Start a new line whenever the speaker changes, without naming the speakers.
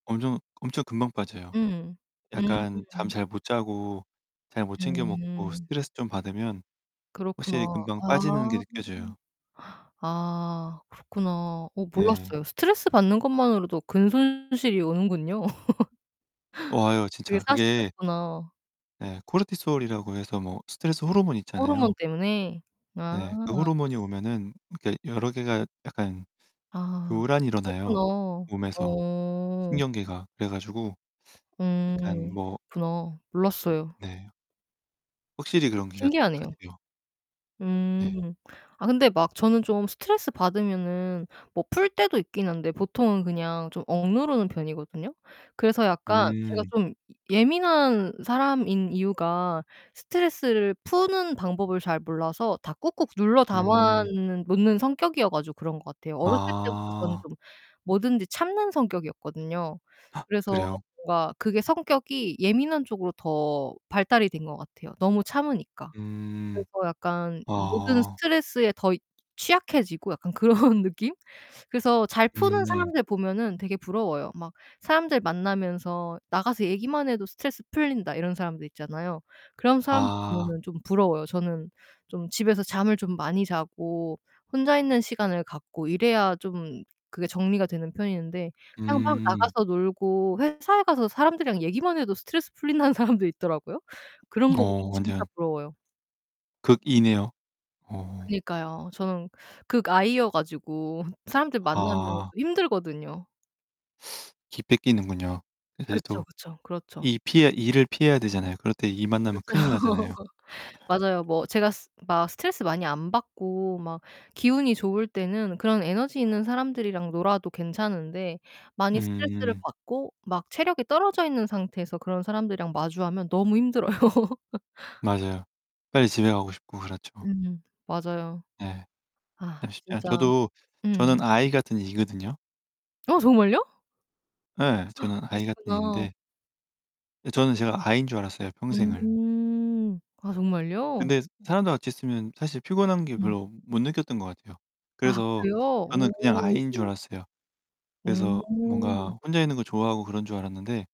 엄청 엄청 금방 빠져요.
음.
약간 잠
음.
잘 못자고 잘 못 챙겨 먹고
음.
스트레스 좀 받으면 확실히
그렇구나.
금방 빠지는 게
아.
느껴져요.
아 그렇구나. 어
네.
몰랐어요. 스트레스 받는 것만으로도 근 손실이 오는군요.
어 와요,
그게
진짜 그게
사실이었구나.
네 코르티솔이라고 해서 뭐 스트레스
음
호르몬
호르몬
있잖아요.
때문에. 아.
네. 그 호르몬이 오면은 그러니까 여러 개가 약간
아,
교란이
그렇구나.
일어나요, 몸에서
어.
신경계가. 그래 가지고 약간
음
뭐
그렇구나. 몰랐어요.
네. 확실히 그런 기 같
신기하네요.
같아요. 예.
음. 아 근데 막 저는 좀 스트레스 받으면은 뭐 풀 때도 있기는 한데 보통은 그냥 좀 억누르는 편이거든요. 그래서 약간 제가
음.
좀 예 예민한 사람인 이유가 스트레스를 푸는 방법을 잘 몰라서 다 꾹꾹 눌러 담아
음.
는 놓는 성격이어 가지고 그런 것 같아요. 어렸을 때부터 저는
아.
좀 뭐든지 참는 성격이었거든요. 그래서
그래요?
뭔가 그게 성격이 예민한 쪽으로 더 발달이 된 것 같아요, 너무 참으니까.
음.
그래서 약간 모든
아.
스트레스에 더 취약해지고 약간 그런 느낌? 그래서 잘 푸는
음.
사람들 보면은 되게 부러워요. 막 사람들 만나면서 "나가서 얘기만 해도 스트레스 풀린다." 이런 사람들 있잖아요. 그런 사람들
아.
보면은 좀 부러워요. 저는 좀 집에서 잠을 좀 많이 자고 혼자 있는 시간을 갖고 이래야 좀 그게 정리가 되는 편인데 그냥 막
음.
나가서 놀고 회사에 가서 사람들이랑 얘기만 해도 스트레스 풀린다는 사람도 있더라고요. 그런 거 보면
어,
진짜
완전
부러워요.
극E네요. 어.
그니까요. 저는 극 I여 가지고 사람들 만나면 좀
아.
힘들거든요.
기 뺏기는군요. 이제
그쵸,
또
그쵸. 그렇죠.
E 피해야 E를 피해야 되잖아요. 그럴 때 E 만나면
그죠.
큰일 나잖아요.
맞아요. 뭐 제가 스 막 스트레스 많이 안 받고 막 기운이 좋을 때는 그런 에너지 있는 사람들이랑 놀아도 괜찮은데 많이 스트레스를
음.
받고 막 체력이 떨어져 있는 상태에서 그런 사람들이랑 마주하면 너무 힘들어요.
맞아요. 빨리 집에 가고 싶고 그렇죠.
음 맞아요.
네.
아
참 쉽지 않
진짜.
저도
음.
저는 I 같은 E거든요.
어, 정말요?
예, 저는 I 같은
그러시구나.
E인데 예 저는 제가 I인 줄 알았어요, 평생을.
음. 아 정말요?
근데 사람들 같이 있으면 사실 피곤한 게
음.
별로 못 느꼈던 것 같아요.
아
그래서
그래요?
저는 그냥 I인 줄
오.
알았어요. 그래서
오.
뭔가 혼자 있는 걸 좋아하고 그런 줄 알았는데